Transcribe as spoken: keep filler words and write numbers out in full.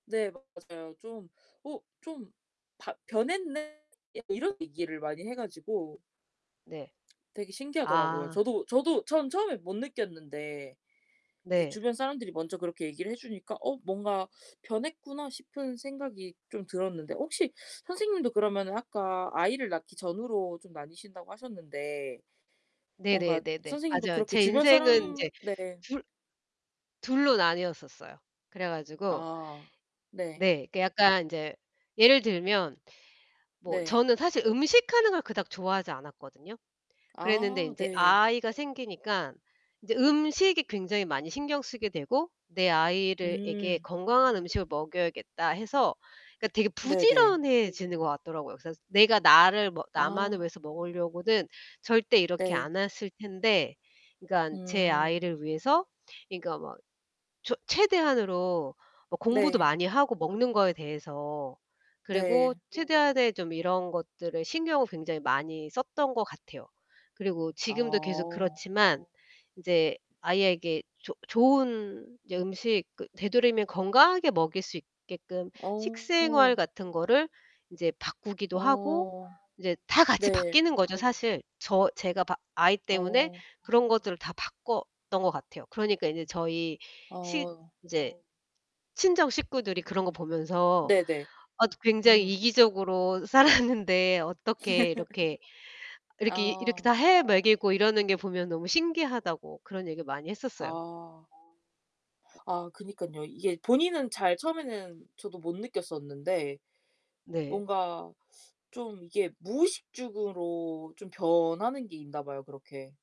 네 맞아요. 좀 "어 좀 바 변했네?" 약간 이런 얘기를 많이 해 가지고 네. 되게 신기하더라고요. 아. 저도 저도 전 처음에 못 느꼈는데 이제 네. 주변 사람들이 먼저 그렇게 얘기를 해 주니까 '어 뭔가 변했구나.' 싶은 생각이 좀 들었는데 혹시 선생님도 그러면은 아까 아이를 낳기 전후로 좀 나뉘신다고 하셨는데 뭔가 네네네네. 선생님도 맞아요. 그렇게 제 주변 인생은 사람 인제 네. 둘 둘로 나뉘었었어요. 그래 가지고 아. 네. 네. 그 약간 인제 예를 들면 뭐 네. 저는 사실 음식하는 걸 그닥 좋아하지 않았거든요. 그랬는데 아 인제 네. 아이가 생기니까 인제 음식이 굉장히 많이 신경 쓰게 되고 '내 아이를 에게 음. 건강한 음식을 먹여야겠다.' 해서 그러니까 되게 네네. 부지런해지는 것 같더라고요. 그래서 내가 나를 뭐 나만을 아. 위해서 먹으려고는 절대 이렇게 네. 안 핬을 텐데 그러니깐 제 음. 아이를 위해서 그러니까 막 저 최대한으로 뭐 공부도 네. 많이 하고 먹는 거에 대해서 그리고 네. 최대한의 좀 이런 것들에 신경을 굉장히 많이 썼던 것 같아요. 그리고 지금도 계속 아어. 그렇지만 인제 아이에게 조 좋은 인제 음식 그 되도록이면 건강하게 먹일 수 있게끔 식생활 어. 같은 거를 인제 바꾸기도 하고 어. 인제 다 같이 네. 바뀌는 거죠, 사실. 저 제가 바 아이 때문에 어. 그런 것들을 다 바꿨던 것 같아요. 그러니까 인제 저희 시 어. 인제 친정 식구들이 그런 거 보면서 네네. 아 굉장히 음. 이기적으로 살았는데 어떻게 이렇게 이렇게 이렇게 아. 다 해 먹이고 이러는 게 보면 너무 신기하다고 그런 얘기를 많이 했었어요. 아. 아 그니깐요. 이게 본인은 잘 처음에는 저도 못 느꼈었는데 네. 뭔가 좀 이게 무의식죽으로 좀 변하는 게 있나 봐요 그렇게.